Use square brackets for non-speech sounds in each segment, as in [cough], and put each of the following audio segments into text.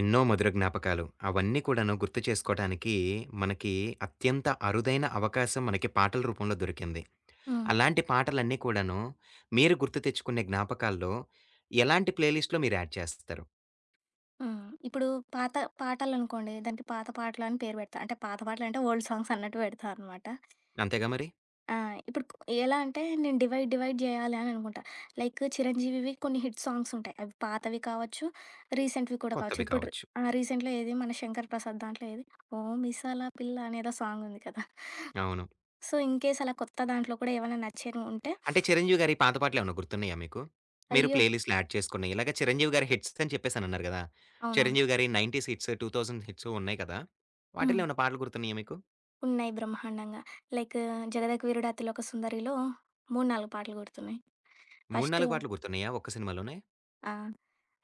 ఎన్నో మధుర జ్ఞాపకాలు, అవన్నీ కూడాను గుర్తు చేసుకోవటానికి, మనకి అత్యంత అరుదైన అవకాశం, మనకి పాటల రూపంలో దొరికింది. హ్మ్. అలాంటి పాటలన్నీ కూడాను, మీరు గుర్తు తెచ్చుకునే జ్ఞాపకాల్లో, ఎలాంటి ప్లే లిస్ట్‌లో మీర్యాడ్ చేస్తారు? హ్మ్. ఇప్పుడు పాత పాటలనుకోండి, దానికి పాత పాటలని పేరు పెడతా. అంటే, పాత పాటలంటే, ఓల్డ్ సాంగ్సన్నట్టు పెడతానమాట. అంతేగా మరి. ఆ! ఇప్పుడుకు ఎలా అంటే, నేను డివైడ్ డివైడ్ జేయాలానుకుంటా. లైక్, 'చిరంజీవివి' కొన్ని హిట్ సాంగ్స్ ఉంటాయి. అవి పాతవి కావచ్చు, రీసెంట్‌వి కూడా కావచ్చు. కొత్తవి ఇప్పుడు కావచ్చు. ఆ! రీసెంట్‌లో ఏది, మన 'శంకర్ ప్రసాద్' దాంట్లో ఏది, 'ఓ మిసాల పిల్లనేదో' సాంగ్ ఉంది కదా! అవును. సో, ఇన్‍కేస్ అలా కొత్త దాంట్లో కూడా ఏవైనా నచ్చనివి ఉంటే అంటే, 'చిరంజీవి గారి' పాత పాటలేమైనా గుర్తున్నాయా మీకు? మీరు అయ్యో! ప్లే లిస్ట్‌లో యాడ్ చేసుకున్నయి, ఇలాగా 'చిరంజీవి గారి' హిట్సని చెప్పేసి, అనన్నారు గదా! అవునవును. 'చిరంజీవి గారి' 90స్ హిట్స్, 2000 హిట్స్ ఉన్నయి కదా! వాటిలో హ్మ్. ఏమైనా పాటలు గుర్తున్నాయా మీకు? ఉన్నాయి, బ్రహ్మాండంగా. లైక్ 'జగదేక వీరుడు అతిలోక సుందరిలో' 3, 4 పాటలు గుర్తున్నాయి. మూడు ఫస్ట్ నాలుగు పాటలు గుర్తున్నాయా, ఒక్క సినిమాలోనే? ఆ!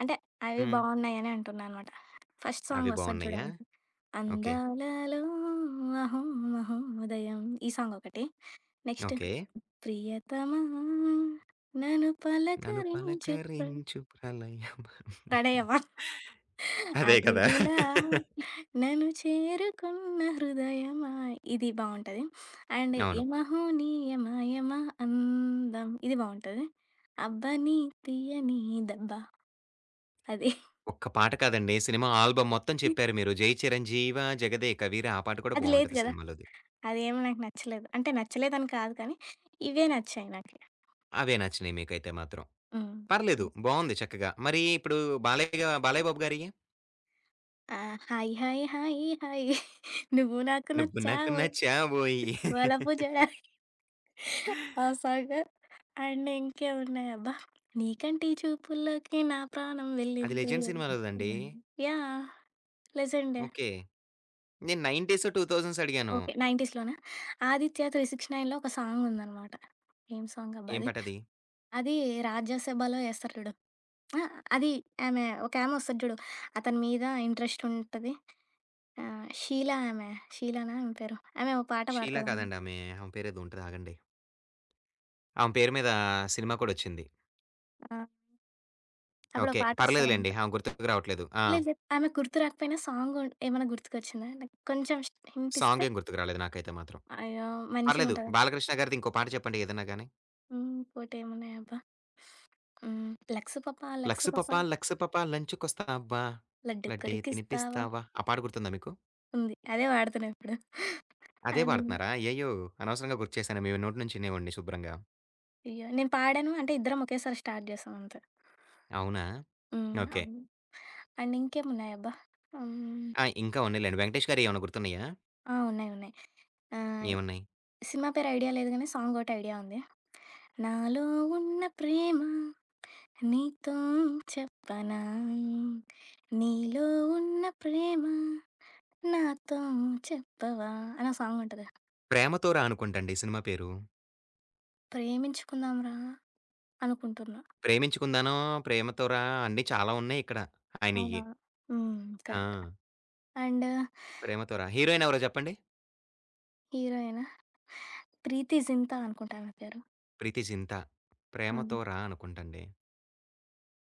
అంటే, అవి హ్మ్. బావున్నాయని అంటున్నాన్నమాట. ఫస్ట్ అవి సాంగ్ ఒస్తది బావున్నాయా? జూడండి. ఓకే. అందాలలో అహో మహోదయం ఈ సాంగ్ ఒకటి. Next okay. ప్రియతమా నన్ను నన్ను పలకరించు ప్ర... పలకరించు ప్రళయమా. [chuckles] ప్రణయమా. [chuckles] అదే కదా! అతిథిలా [laughs] నను చేరుకున్న హృదయమా ఇది బావుంటది. అండ్ అవును. యమహో నీ యమా యమా అందం ఇది బావుంటది. అబ్బని తియ్యని దెబ్బ అది. [chuckles] ఒక్క పాట కాదండి. సినిమా ఆల్బమ్ మొత్తం హ్మ్. చెప్పారు మీరు. జై చిరంజీవా, జగదేక వీరా ఆ పాట కూడా అది లేదు బావుంటది గదా! సినిమా‌లోది. అదేమో నాకు నచ్చలేదు. అంటే, నచ్చలేదని కాదు కానీ, ఇవే నచ్చాయి నాకు. అవే నచ్చినయి మీకైతే మాత్రం. హ్మ్. పర్లేదు, నచ్ బావుంది చక్కగా. మరి ఇప్పుడు బాలయ్య గా బాలయ్య బాబు గారియ్యి? ఆ! హాయి హాయి హాయీ హాయి [giggles] నువ్వు నాకు నువ్వు నాకు నచ్చావోయి నచ్చావోయి. వలపు [laughs] జడయి. [giggles] ఆ సాంగ్ అండ్ ఇంకేమున్నాయి అబ్బా! నీ కంటి చూపుల్లోకి నా ప్రాణం అది వెళ్ళింది 'లెజెండ్' సినిమాలోదండి. నీకంటే, యాహ్! లెజెండే. ఓకే. నేను 90సు, 2000సు అడిగాను. ఓకే. 90స్‌లోనా 'ఆదిత్య త్రీ సిక్స్‌ నైన్‌లో' ఒక సాంగుందన్నమాట ఏం సాంగ్ అబ్బా ఏం అది! పాటది? అది రాజ్యసభలో ఏస్తారు చూడు? ఆహ్! అది ఆమె ఒకామె వస్తది చూడు? అతని మీద ఇంట్రెస్ట్ ఉంటది. ఆహ్, 'షీలా' ఆమె, షీలానా ఆమె పేరు? ఆమె ఓ పాట షీలా పాడతాడతదమే. కాదండి ఆమె, ఆమె పేరేదో ఉంటది ఆగండి. ఆమె పేరు మీద సినిమా కూడా వచ్చింది. ఆ! అప్పుడు ఒక ఓకే. పర్లేదు లెండి. పాటొస్తదన్నమాట. ఆమె గుర్తుకు రావట్లేదు. ఆ! లేదు లేదు. ఆమె గుర్తుకు రాకపోయినా, సాంగు ఏమైనా గుర్తుకొచ్చిందా? లైక్ కొంచెం హింటిస్తే? సాంగేమి గుర్తుకు రాలేదు నాకైతే మాత్రం. అయ్యో! పర్లేదు. మంచిగుంటది. బాలకృష్ణ గారిది ఇంకో పాట చెప్పండి ఏదైనా గాని. హ్మ్. ఇంకోటేమున్నాయబ్బా! హ్మ్. లక్స్ పాప లక్స్ లక్స్ పాప పాప లక్స్ పాప లంచికొస్తావా, లడ్డు లడ్దే కొరికిస్తావా తినిపిస్తావా ఆ పాట గుర్తుందా మీకు? ఉంది. అదే పాడుతున్నా ఇప్పుడు. ఆ! అదే పాడుతున్నారా? అయ్యయో! అనవసరంగా గుర్తుచేశాను మీ నోటి నుంచి వినేవాడిని శుభ్రంగా. అయ్యో! నేను పాడాను అంటే ఇద్దరం ఒకేసారి స్టార్ట్ చేసాం అంతే. అవునా? హ్మ్. ఓకే. అవును. అండ్ ఇంకేమున్నాయబ్బా! హ్మ్! ఆ! ఇంకా ఉన్నాయిలెండి. వెంకటేష్ గారియేమైనా గుర్తున్నాయా? ఆ! ఉన్నాయి. ఉన్నాయి. ఆహ్, ఏమున్నాయి? సినిమా పేరు ఐడియా లేదు కానీ సాంగొటి ఐడియా ఉంది. నాలో ఉన్న ప్రేమ నీతో చెప్పనా నీలో ఉన్న ప్రేమ నాతో చెప్పవా అనో సాంగుంటది. 'ప్రేమతో రా' అనుకుంటండి ఈ సినిమా పేరు. 'ప్రేమించుకుందాంరా' అనుకుంటున్నా! 'ప్రేమించుకుందానో,' 'ప్రేమతో రా' అన్ని చాలా ఉన్నాయిక్కడ అవునా! ఆయనయి. హ్మ్. కరెక్ట్ ఆ! అండ్ 'ప్రేమతో రా' హీరోయిన్ ఎవరో చెప్పండి? హీరోయినా? 'ప్రీతి జింతా' అనుకుంటా ఆమె పేరు. 'ప్రీతి జింత' హ్మ్. 'ప్రేమతో రా' అనుకుంటండి.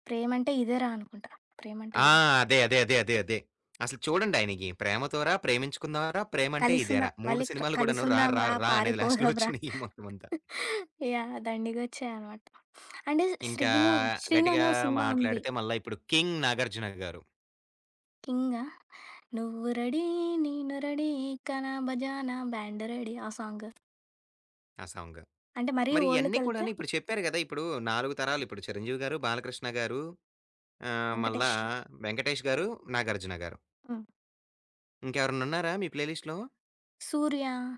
'ప్రేమ అంటే ఇదేరా' అనుకుంటా, 'ప్రేమ అంటే ఆ ఇది'? అదే. అదే. అదే. అదే. అదే. అసలు చూడండి ఆయనకి 'ప్రేమతోరా' 'ప్రేమించుకుందాంరా'' ప్రేమ అంటే కలిసుందాం ఇదేరా' 3 మళ్ళి, సినిమాలు కూడాను రా, 'కలిసుందాం రా, రా' రా అనేది లాస్ట్‌లో 'పారిపోదాం రా' వచ్చినాయి మొత్తం అంతా. [chuckles] యాహ్! దండిగొచ్చాయన్నమాట. అంటే ఇంకా శ్రీను,' శ్రీను' అనే గట్టిగా ఓహ్! సినిమా ఉంది. మాట్లాడితే మల్ల ఇప్పుడు 'కింగ్' 'నాగార్జున గారు.' 'కింగా?' నువ్వు రెడీ నేను రెడీ గానా బజానా బ్యాండ్ రెడీ ఆ సాంగ్. ఆ సాంగ్. అంటే మరీ మరి ఇయన్ని ఓల్డ్‌కెళ్తే కూడాను ఇప్పుడు చెప్పారు గదా! ఇప్పుడూ 4 తరాలు ఇప్పుడు 'చిరంజీవి' గారు 'బాలకృష్ణ' గారు ఆహ్, మళ్ళా 'వెంకటేష్'. 'వెంకటేష్' గారు 'నాగార్జున' గారు. హ్మ్. ఇంకెవరన్నా ఉన్నారా మీ ప్లేలిస్ట్‌లో? 'సూర్య'.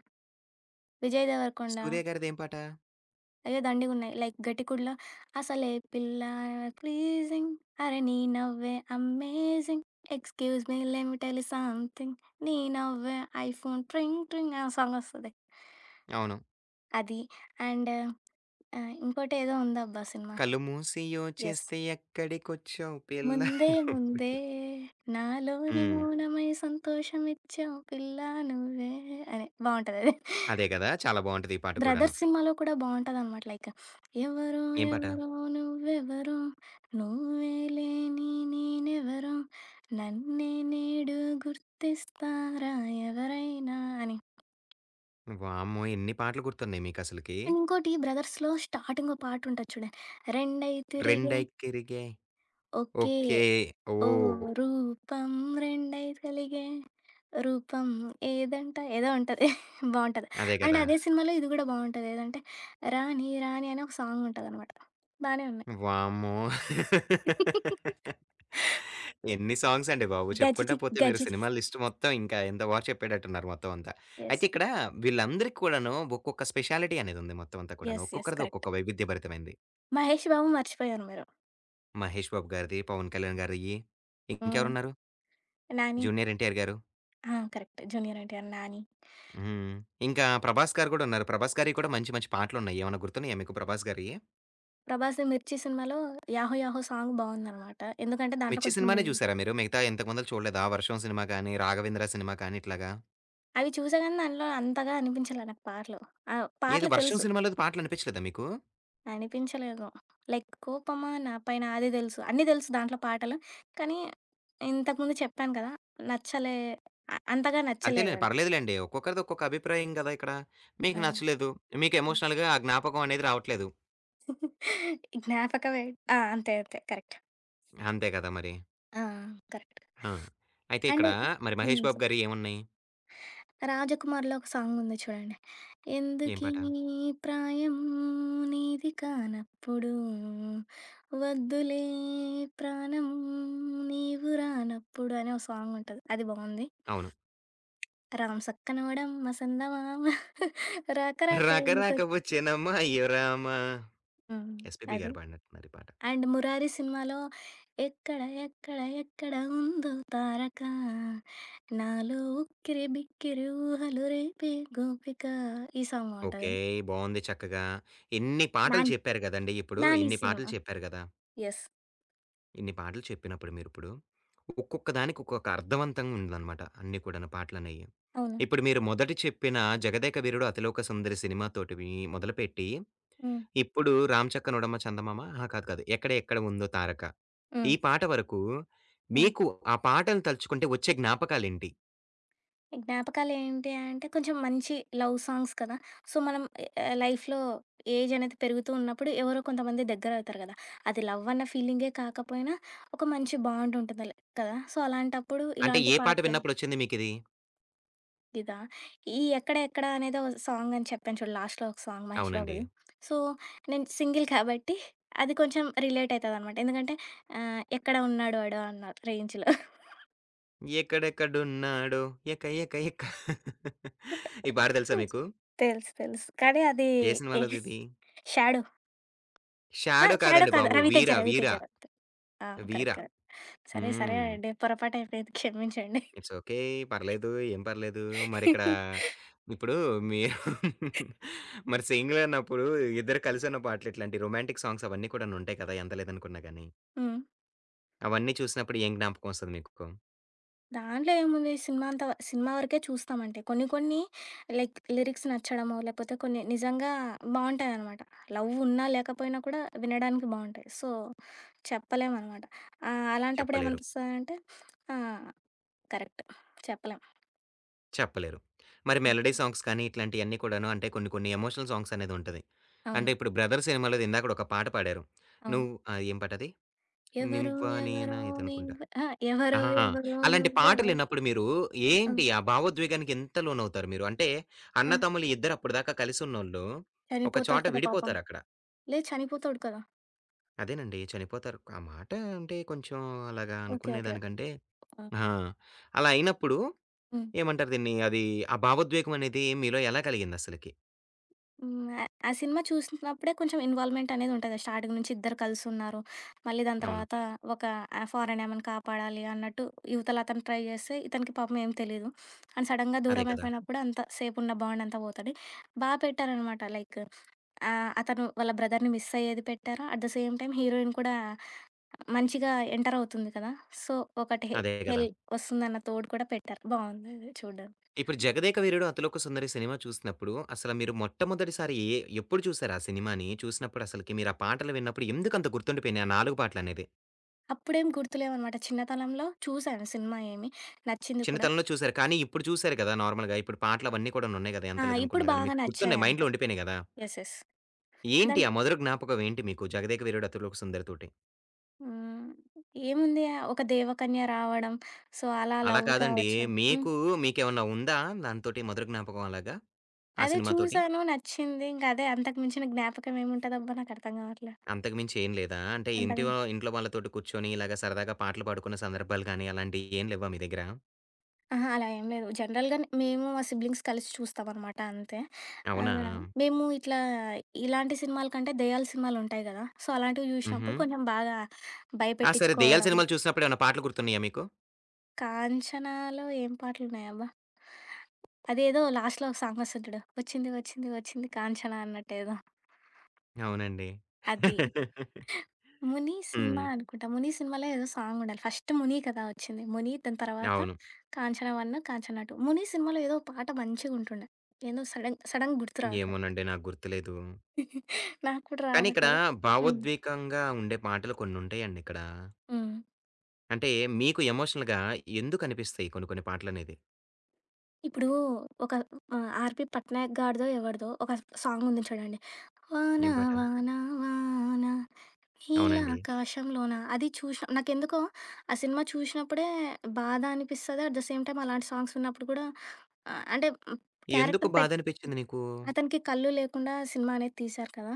'విజయ్ దేవరకొండ'. 'సూర్య' గారిదేం పాట? అయ్యో! దండిగున్నాయి లైక్ 'ఘటికుడులో' అసలే పిల్ల ప్లీజింగ్ అరె నీ నవ్వే amazing excuse me let me tell you something నీ నవ్వే ఐఫోన్ ట్రింగ్ ట్రింగ్ అనే సాంగొస్తది. అవును. అది. అండ్ ఆహ్, ఇంకోటేదో ఉందబ్బా సినిమా. కళ్ళు మూసి యెస్. యోచిస్తే ఎక్కడికొచ్చావు పిల్లా ముందే నువ్వే. ముందే నాలోని హ్మ్. మౌనమై సంతోషమిచ్చావు పిల్ల నువ్వే అని బావుంటదది. అదే గదా! చాలా బావుంటది [chuckles] ఈ పాట కూడాను. బ్రదర్స్ సినిమాలో కూడా బావుంటదన్నమాట లైక్ ఎవరో ఏం పాట? ఎవరో నువ్వెవరో నువ్వే లేని నేనెవరో నన్నే నేడు గుర్తిస్తారా ఎవరైనా అని. వామ్మో! ఎన్ని పాటలు గుర్తున్నాయి మీకసలకి! అండ్, ఇంకోటి 'బ్రదర్స్‌లో' స్టార్టింగ్ ఓహ్! పాటుంటది చూడండి. రెండై తిరిగే రెండైకిరిగే ఒకే ఒకే ఓ, ఓహ్! రూపం రెండై కలిగే రూపం ఏదంట ఏదో ఉంటది. బావుంటది. అదే అండ్, కదా! అదే సినిమాలో ఇది కూడా బావుంటది. ఏదంటే రాణి రాణి అని ఒక సాంగ్ ఉంటదన్నమాట. బానే ఉన్నాయి. వామ్మో! [laughs] [laughs] ఎన్ని సాంగ్స్ అండి బాబు! చెప్పుకుంటా 'గజిని' పోతే మీరు 'గజిని' సినిమా లిస్ట్ మొత్తం ఇంకా ఇంత బారు చెప్పేటట్టున్నారు మొత్తం అంతా. యెస్. అయితే ఇక్కడ వీళ్ళందరికీ కూడాను ఒక్కొక్క స్పెషాలిటీ అనేదుంది మొత్తం అంతా కూడాను. యెస్. యెస్. ఒక్కొక్కరిది కరెక్ట్. ఒక్కొక్క వైవిధ్య భరితమైనది. మహేష్ బాబు మర్చిపోయారు మీరు. మహేష్ బాబు గారిది, పవన్ కళ్యాణ్ గారియి, హ్మ్. ఇంకెవరున్నారు? నాని. జూనియర్ ఎన్టీఆర్ గారు. ఆ! కరెక్ట్. జూనియర్ ఎన్టీఆర్, నాని. హ్మ్. ఇంకా ప్రభాస్ గారు కూడా ఉన్నారు. ప్రభాస్ గారియి కూడా మంచి మంచి పాటలున్నాయి. ఏమైనా గుర్తున్నాయా మీకు ప్రభాస్ గారియి? 'ప్రభాస్' 'మిర్చి' సినిమాలో 'యాహో యాహో' సాంగ్ బావుందన్నమాట. ఎందుకంటే దాంట్లో 'మిర్చి' కొంచెం సినిమానే ఇదుంటది. చూసారా మీరు? మిగతా ఇంతకుముందల చూడలేదా? 'వర్షం' సినిమా గాని, 'రాఘవేంద్ర' సినిమా కాని, ఇట్లాగా. అవి చూసాగానీ, దాంట్లో అంతగా అనిపించలే నాకు పాటలు. ఆహ్, ఏది? పాటలు 'వర్షం' తెలుసు. సినిమాలోది పాటలనిపించలేదా మీకు? అనిపించలేదు. లైక్ కోపమా నా పైన అది తెలుసు. అన్నీ తెలుసు దాంట్లో పాటలు. కానీ ఇంతకుముందు చెప్పాను కదా! నచ్చలే, అ అంతగా అంతేలెండి. నచ్చలేదది. పర్లేదులెండి. ఒక్కొక్కరిది ఒక్కొక్క అభిప్రాయం కదా! ఇక్కడ ఆ! మీకు నచ్చలేదు. మీకు హ్మ్. ఎమోషనల్‌గా ఆ జ్ఞాపకం అనేది రావట్లేదు. [giggles] జ్ఞాపకమే. ఆ అంతే అంతే కరెక్ట్. అంతే కదా! మరి. ఆ కరెక్ట్. హా! అయితే [sniffs] అండ్ ఇక్కడ మరి హ్మ్. మహేష్ చె బాబు' గారియి ఏమున్నాయి? 'రాజకుమార్‌లో' ఒక సాంగ్ ఉంది చూడండి, ఏం ఎందుకీ పాట? ప్రాయం నీది కానప్పుడు వద్దులే ప్రాణం నీవు రానప్పుడు అని ఒక సాంగుంటది అది బాగుంది. అవును. [sniffs] [smacks lips] రాం సక్కనోడమ్మ సందమామ [giggles] రాక రాక ఎందుకొ రకరక వచ్చానమ్మా అయ్యొరామా హ్మ్. ఎస్‌పిబి అది. గారు పాడినట్టున్నారు ఈ పాట. అండ్ 'మురారి' సినిమాలో ఎక్కడ ఎక్కడ ఎక్కడ ఉందో తారక నాలో ఉక్కిరి బిక్కిరి ఊహలు రేపే గోపిక ఈ సాంగ్ బావుంటది. ఓకే. బాగుంది చక్కగా. ఇన్ని పాటలు 'నాని', చెప్పారు కదండీ! ఇప్పుడు 'నాని' ఇన్ని సినిమా పాటలు చెప్పారు కదా! యెస్. ఇన్ని పాటలు చెప్పినప్పుడు మీరిప్పుడు, ఒక్కొక్క దానికి ఒక్కొక్క అర్థవంతంగా ఉందనమాట. అన్ని కూడా పాటలనేయి. అవును. ఇప్పుడు మీరు మొదటి చెప్పిన 'జగదేక వీరుడు అతిలోక సుందరి' సినిమాతోటివి మొదలుపెట్టి హ్మ్. ఇప్పుడు 'రాంచక్క నోడమ్మ చందమామ' ఆహ్, కాదు కాదు 'ఎక్కడ ఎక్కడ ఉందో తారక' ఈ హ్మ్. పాట వరకు హ్మ్. మీకు ఆ పాటని తలుచుకుంటే వచ్చే జ్ఞాపకాలెంటి? జ్ఞాపకాలేంటి అంటే, కొంచెం మంచి లవ్ సాంగ్స్ కదా! సో మనం ఎ లైఫ్‌లో ఏజనేది పెరుగుతూ ఉన్నప్పుడు ఎవరో కొంతమంది దగ్గరవుతారు కదా! అది లవ్వన్న ఫీలింగే కాకపోయినా, ఒక మంచి బాండుంటుంది. ల్ కదా! సో అలాంటప్పుడు అంటే, ఇలాంటి ఏ పాట పాటలు విన్నప్పుడొచ్చింది మీకిది? ఇదా ఈ 'ఎక్కడ ఎక్కడ' అనేదో సాంగ్ అని చెప్పాను చూడు లాస్ట్‌లో ఒక సాంగ్ 'మహేష్ అవునండి. బాబుది'. సో నేను సింగిల్ కాబట్టి, అది కొంచెం రిలేటయితదనమాట ఎందుకంటే, ఆహ్, ఎక్కడ ఉన్నాడు వాడు? అన్నా రేంజ్‌లో. [chuckles] 'ఎక్కడెక్కడున్నాడో? ఎక ఎక ఎక' [chuckles] ఈ పాట తెలుసా తెలుసు. మీకు? తెలుసు కానీ అదీ ఏ యెస్ సినిమాలోదిది? 'షాడో'. ఆహ్, 'షాడో' షాడో కాదండి కాదు. బాబు 'రవితేజ' 'వీర' 'రవితేజ' 'వీర' రవి తే ఆ! కరెక్ట్. 'వీరా'. కరెక్ట్. సరే. సరే హ్మ్. అండి. పొరపాటైపోయింది క్షమించండి. ఇట్స్ ఓకే [chuckles] పర్లేదు. ఏం పర్లేదు మరిక్కడా, [chuckles] ఇప్పుడూ మీరు [chuckles] మరి సింగిలప్పుడూ ఇద్దరు కలిసి పాటలు ఇట్లాంటి రొమాంటిక్ సాంగ్సవన్నీ కూడానుంటాయి కదా! అందలేదు అనుకున్న గాని. హ్మ్. అవన్నీ చూసినప్పుడు ఏం జ్ఞాపకమొస్తది మీకు? దాంట్లో ఏముంది? సినిమా అంతా సినిమా వరకే చూస్తామంటే కొన్ని కొన్ని లైక్ లిరిక్స్ నచ్చడమో, లేపోతే కొన్ని నిజంగా బాగుంటాయనమాట లవ్వున్నా లేకపోయినా కూడా వినడానికి బావుంటాయి. సో చెప్పలేమనమాట ఆహ్, అలాంటప్పుడు చెప్పలేరు. ఏమనిపిస్తదంటే ఆ! కరెక్ట్ చెప్పలేం. చెప్పలేరు. మరి మెలోడీ హుహు. సాంగ్స్ కానీ ఇట్లాంటియన్ని కూడాను అంటే, కొన్ని కొన్ని ఎమోషనల్ సాంగ్సనేదుంటది. అవును. అంటే, ఇప్పుడు 'బ్రదర్' సినిమాలో ఇందాకడ ఒక పాట పాడారు అవును. నువ్ ఆహ్, ఏం పాటది? ఎవరో 'నువ్వా ఎవరో నేనా' ఇదనుకుంటా. నీవె అహా! ఎవరో అహా! ఎవరో అలాంటి నువ్వెవరో పాటలిన్నప్పుడు మీరు ఆ! ఏంటి? ఆ భావోద్వేగానికి ఎంత లోనవుతారు మీరు? అంటే, ఆ! అన్నతమ్ములు ఇద్దరు అప్పటిదాకా కలిసి ఉన్నోళ్ళు, ఒక చోట చనిపోతాడు కదా! పాపం. విడిపోతారక్కడ. లే చనిపోతాడు కదా! అదేనండి. చనిపోతారు. ఆ మాట అంటే కొంచెం అలాగా ఓకే. అనుకునే ఓకే. దానికంటే ఆ! ఆ! అలా అయినప్పుడు హ్మ్. ఏమంటారు దీన్ని అది ఆ భావోద్వేగం అనేది మీలో ఎలా కలిగిందసలకి? హ్మ్ ఆహ్, ఆ సినిమా చూసినప్పుడే కొంచెం ఇన్వాల్వ్‌మెంటనేదుంటది. స్టార్టింగ్ నుంచి ఇద్దరు కలిసున్నారు. మళ్ళీ దాని అవును. తర్వాత ఒక ఫారెన్ ఆమెను కాపాడాలి అన్నట్టు ఇవతల అతను ట్రై జేస్తే, ఇతనికి పాపం ఏం తెలీదు, అండ్ సడన్‌గా అదే దూరం కదా! అయిపోయినప్పుడు అంత సేపు ఉన్న బాండంతా పోతది. బా పెట్టారనమాట లైక్ ఆహ్, అతను వాళ్ళ బ్రదర్‌ని మిస్ అయ్యేది పెట్టారు, at the same time heroine కూడా మంచిగా ఎంటర్ అవుతుంది కదా! సో ఒకటి అదే గదా! హెల్ వస్తుందన్న తోడు కూడా పెట్టారు బావుందది చూడడం. ఇప్పుడు 'జగదేక వీరుడు అతిలోక సుందరి' సినిమా చూసినప్పుడు, అసలు మీరు మొట్టమొదటిసారి ఎ ఎప్పుడు చూసారు ఆ సినిమాని? చూసినప్పుడు అసలకి మీరు ఆ పాటలు విన్నప్పుడు ఎందుకంత గుర్తుండిపోయినాయి ఆ 4 పాటలనేది. అప్పుడేం గుర్తులేవన్నమాట చిన్నతనంలో చూసాను సినిమా ఏమి, నచ్చింది కూడా. చిన్నతనంలో చూసారు. కానీ ఇప్పుడు చూసారు గదా! నార్మల్‌గా ఇప్పుడు పాటలవన్నీ కూడాను ఉన్నాయి గదా! ఎంత ఆ! ఇప్పుడు లేదనుకున్న గాని, బాగా మీకు గుర్తున్నాయి నచ్చాయంతే. మైండ్‌లో ఉండిపోయినాయి గదా! యెస్. యెస్. ఏంటి? దాన్ ఆ మధుర జ్ఞాపకం ఏంటి మీకు 'జగదేక వీరుడు అతిలోక సుందరి'తోటి? హ్మ్. ఏముంది? ఒక దేవకన్య రావడం, సో అలా అలా లవ్ కాదండి, కావచ్చు హ్మ్. మీకు, మీకేమన్నా ఉందా? దానితోటి మధుర జ్ఞాపకం అలాగా? ఆ అదే సినిమా తోటి. చూసాను, నచ్చింది, ఇంకా అదే అంతకు మించిన జ్ఞాపకం ఏముంటదబ్బా నాకు అర్ధం గావట్లే. అంతకు మించి ఏం లేదా? అంటే అంతగా ఇంటివా ఇంట్లో వాళ్ళతోటి కూర్చొని, ఇలాగా సరదాగా పాటలు పాడుకున్న సందర్భాలు గాని, అలాంటియి ఏం లెవ్వా మీ దగ్గర? ఆహా! అలా ఏం లేదు జనరల్‌గా న్ మేము మా సిబ్లింగ్స్ కలిసి చూస్తాం అనమాట అంతే. ఆ! అవునా? మేము ఇట్లా ఆహ్, ఇలాంటి సినిమాల కంటే, దెయ్యాల సినిమాలుంటాయి గదా! సో అలాంటివి చూసినప్పుడు హుహు. కొంచెం బాగా ఆ! సరే దెయ్యాల భయపెట్టిచ్చుకోవడం. సినిమాలు చూసినప్పుడు ఏమైనా పాటలు గుర్తున్నాయా మీకు? 'కాంచనాలో' ఏం పాటలు ఉన్నాయబ్బా? అదేదో లాస్ట్‌లో ఒక సాంగొస్తది జూడు 'వచ్చింది వచ్చింది వచ్చింది కాంచన' అన్నట్టేదో. అవునండి. అది. [laughs] 'ముని' సినిమా హ్మ్. అనుకుంటా. 'ముని' సినిమాలో ఏదో సాంగుండాలి. ఫస్ట్ 'ముని' కదా! వచ్చింది ముని దాని తర్వాత అవును. 'కాంచన 1', 'కాంచన 2' ముని సినిమాలో ఏదో ఒక పాట మంచిగుంటుండే, ఏందో సడెన్ సడెన్‌గా గుర్తు రావట్లేదు. ఏమోనండి! నాకు గుర్తులేదు. [giggles] నాకు కూడా కానీ ఇక్కడ రావట్లే. హ్మ్. భావోద్వేగంగా ఉండే పాటలు కొన్ని ఉంటాయండిక్కడ. హ్మ్. అంటే, మీకు ఎమోషనల్‌గా ఎందుకనిపిస్తాయి కొన్ని కొన్ని పాటలనేది. ఇప్పుడు ఒక ఆ! 'ఆర్.పి. పట్నాయక్' గాడిదో, ఎవడిదో ఒక సాంగ్ ఉంది చూడండి. వాన ఏం పాటా? వాన వానా, అవునండి. హీలాకాశంలోనా అది చూషి నాకెందుకో, ఆ సినిమా చూషి నప్పుడే, బాధనిపిస్తది. ఎట్ ద సేమ్ టైమ్ అలాంటి సాంగ్స్ విన్నప్పుడు కూడా అ అంటే, ఎందుకు క్యారెక్టర్ [swallows] పె బాధనిపిచ్చింది నీకూ? అతనికి కళ్ళు లేకుండా సినిమానేది తీశారు కదా!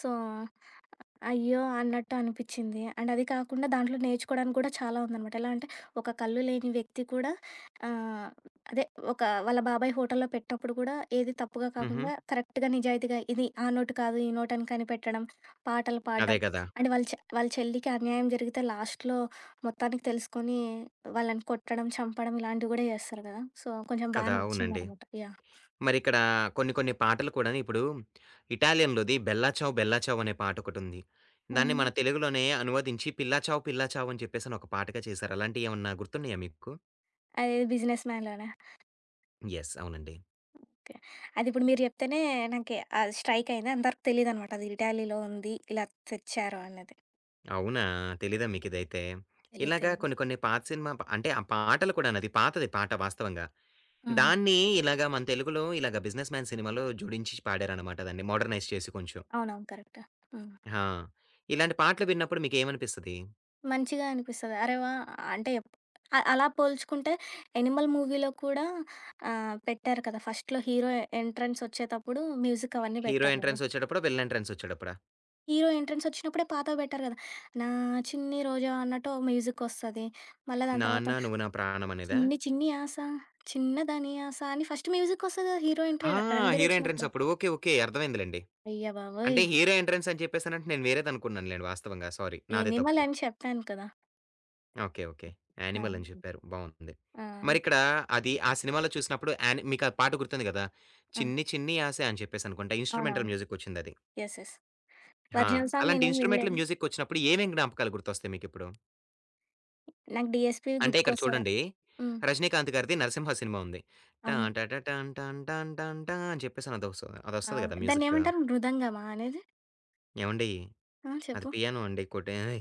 సో, అయ్యో! అన్నట్టు అనిపిచ్చింది. అండ్ అది కాకుండా దాంట్లో నేర్చుకోవడానికి కూడా చాలా ఉందనమాట. ఎలాంటే, ఒక కళ్ళు లేని వ్యక్తి కూడా ఆహ్, అదే, ఒక వాళ్ళ బాబాయ్ హోటల్లో పెట్టినప్పుడు కూడా ఏది తప్పుగా హుహు. కాకుండా, కరెక్ట్‌గా, నిజాయితీగా ఇది ఆ నోటు కాదు, ఈ నోటని కనిపెట్టడం. పాటలు అదే పాడం. కదా! అండ్ వాళ్ళ చె వాళ్ళ చెల్లికి అన్యాయం జరిగితే, లాస్ట్‌లో మొత్తానికి తెలుసుకొని, వాళ్ళని కొట్టడం, చంపడం ఇలాంటివి కూడా చేస్తారు కదా! సో, కొంచెం బాగా కదా! అవునండి. నచ్చిందనమాట. యాహ్! మరిక్కడా కొన్ని కొన్ని పాటలు కూడాను ఇప్పుడు, ఇటాలియన్‌లోది, 'బెల్లా చావ్ బెల్లా చావ్' అనే పాటొకటుంది. దాన్ని మన అవును. తెలుగులోనే అనువదించి 'పిల్ల చావ్ పిల్ల చావ్' అని చెప్పేసని ఒక పాటగా చేసారు. అలాంటియ్యి ఏవన్నా గుర్తున్నాయా మీకు? అదే, 'బిజినెస్ మాన్‌'లోనా? యెస్. అవునండి. ఓకే .అదిప్పుడు మీరు జెప్తేనే నాకి అది స్ట్రైక్ అయింది. అంత వరకు తెలీదన్నమాట అది ఇటాలీలో ఉంది. ఇలా తెచ్చారు అనేది. అవునా! తెలీదా మీకిదైతే? తెలీదు ఇలాగా తెలీదు. కొన్ని కొన్ని పాత సినిమా ప్ అంటే ఆ పాటలు కూడా పాతది పాట వాస్తవంగా. హుహు. దాన్ని ఇలాగ మన తెలుగులో ఇలాగా 'బిజినెస్ మ్యాన్' సినిమాలో జోడించి పాడారన్నమాట దాన్ని మోడ్రనైజ్ చేసి కొంచెం. అవునవును. కరెక్ట్. హ్మ్. హా! ఇలాంటి పాటలు విన్నప్పుడు మీకేమనిపిస్తది? మంచిగా అనిపిస్తది. అరె వా! అంటే అ అలా పోల్చుకుంటే 'యానిమల్' మూవీలో కూడా ఆహ్, పెట్టారు కదా! ఫస్ట్‌లో హీరో ఎంట్రన్సొచ్చేటప్పుడు మ్యూజికవన్నీ హీరో పెట్టారు గదా! ఎంట్రన్సొచ్చేటప్పుడా? విలన్ ఎంట్రన్సొచ్చేటప్పుడా? హీరో ఎంట్రన్సొచ్చినప్పుడే పాతవి పెట్టారు గదా! 'నా చిన్ని రోజావె' అన్నట్టు మ్యూజికొస్తది, మళ్ళా దాని తరువాత, 'నాన్న నువ్వు నా ప్రాణం' అనేదా? చిన్ని చిన్ని ఆశ చిన్న దాని ఆశ అని ఫస్ట్ మ్యూజిక్కొస్తది గదా! హీరో ఎంట్రీ ఆ! 'రణబీర్' హీరో ఒచ్చినప్పుడు. ఎంట్రన్సప్పుడు ఓకే. ఓకే. అర్థమైందిలెండి. అయ్య బాబోయ్! అంటే హీరో ఎంట్రన్సని చెప్పేసనంటే, నేను వేరేదనుకున్నానులెండి వాస్తవంగా సారీ నాదే తప్పు. 'యానిమల్' అని చెప్పాను కదా! ఓకే. ఓకే. ఆహా! 'యానిమల్' అని చెప్పారు బావుటుంది. ఆ! మరిక్కడ అది ఆ సినిమాలో చూసినప్పుడు యాని మీకా పాట గుర్తుంది గదా! ఆ! 'చిన్ని చిన్ని ఆశ' అని చెప్పేసనుకుంట ఇన్స్ట్రుమెంటల్ అవునవును. మ్యూజిక్కొచ్చిందది. యెస్. యెస్. హా! ఒరిజినల్ సాంగ్ అలాంటి నేనేం ఇన్స్ట్రుమెంటంల్ వినలేదు. మ్యూజిక్కొచ్చినప్పుడు ఏమేం జ్ఞాపకాలు గుర్తొస్తాయి మీకిప్పుడు? నాకు 'డీఎస్‌పీ' అంటే, ఇక్కడ గుర్తుకొస్తాడు. చూడండి, హ్మ్. రజినీకాంత్ గారిది 'నరసింహ' సినిమా ఉంది టా అవును. ట ట టాం టాం టాం టాం టా అని చెప్పేసనదొస్ అదొస్తది అవును. గదా మ్యూజిక్. దాన్నేమంటారు మృదంగమా అనేది? ఏవండీ! ఆ! అది చెప్పు. పియానో అండి కొట్టేది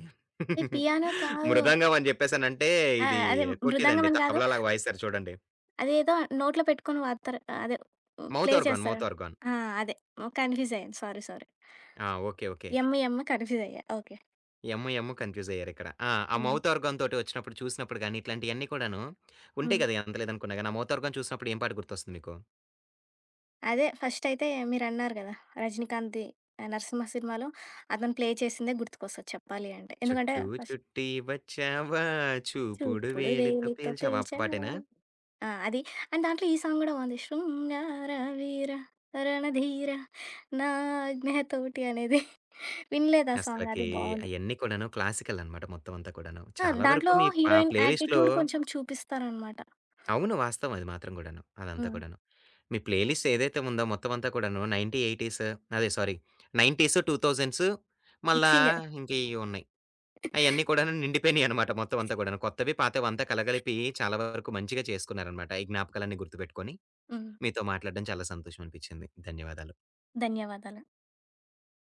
ఏయ్ [chuckles] పియానో కాదు. మృదంగం అని జెప్పేసనంటే ఆ! ఇది అదే మృదంగం కొట్టేదండి. అని కాదు. తబలలాగా వాయిస్తారు చూడండి. అదేదో నోట్లో పెట్టుకొని ఊదుతారు అదే ప్లే మౌతార్గాన్. చేస్తారుగా. మౌతార్గాన్. ఆ! అదే. ఓహ్! కన్ఫ్యూజ్ అయ్యాను. సారీ. సారీ. ఆ! Okay. Okay. M M confuse అయ్యా. ఓకే. ఎమ్ ఎమ్ కన్ఫ్యూజయ్యారిక్కడ ఆ! ఆ హ్మ్. మౌతార్గాన్‌తోటి వచ్చినప్పుడు, చూసినప్పుడు గాని ఇట్లాంటియన్ని కూడాను ఉంటాయి హ్మ్. గదా! ఎంతలేదనుకున్న గాని ఆ మౌతార్గాన్ చూసినప్పుడు ఏ పాట గుర్తొస్తుంది మీకు. అదే ఫస్టయితే మీరన్నారు గదా! 'రజినీకాంత్‌ది' నరసింహ సినిమాలో, అతను ప్లే చేసిందే గుర్తుకొస్తది చెప్పాలి అంటే. ఎందుకంటే చుట్టూ ఫస్ చుట్టి వచ్చావా చూపుడు చూపుడు వేలితో వేలితో పేల్చావా ఆ పేల్చావా పాటేనా? ఆ! అది. అండ్ దాంట్లో ఈ సాంగ్ గూడా బావుంది. శృంగార వీర రణ ధీర నా ఆజ్ఞ తోటి అనేది [giggles] వినలేదా ఆ సాంగ్ అది అసలకీ బావుంది. అయన్నీ కూడాను క్లాసికలన్నమాట మొత్తం అంతా కూడాను. ఆ! చాలా వరకు దాంట్లో మీ పా హీరోయిన్ ప్లేలిస్ట్‌లో యాటిట్యూడ్ కొంచెం చూపిస్తారన్నమాట. అవును. వాస్తవమే అది మాత్రం గూడాను. అదంతా హ్మ్. కూడాను. మీ ప్లేలిస్టేదైతే ఉందో మొత్తం అంతా కూడాను నైన్టీ ఎయిటీస్ అదే సారీ 90స్ 2000స్ మళ్ళా మిక్సింగే ఇంకేయో ఉన్నాయి. అయన్నీ కూడాను నిండిపోయినాయన్నమాట మొత్తం అంతా కూడాను. కొత్తవి పాతవి అంతా కలగలిపి [laughs] చాలా వరకు మంచిగా చేసుకున్నారన్నమాట, ఈ జ్ఞాపకాలన్నీ గుర్తుపెట్టుకొని. హ్మ్. మీతో మాట్లాడడం చాలా సంతోషం అనిపిచ్చింది. ధన్యవాదాలు. ధన్యవాదాలు.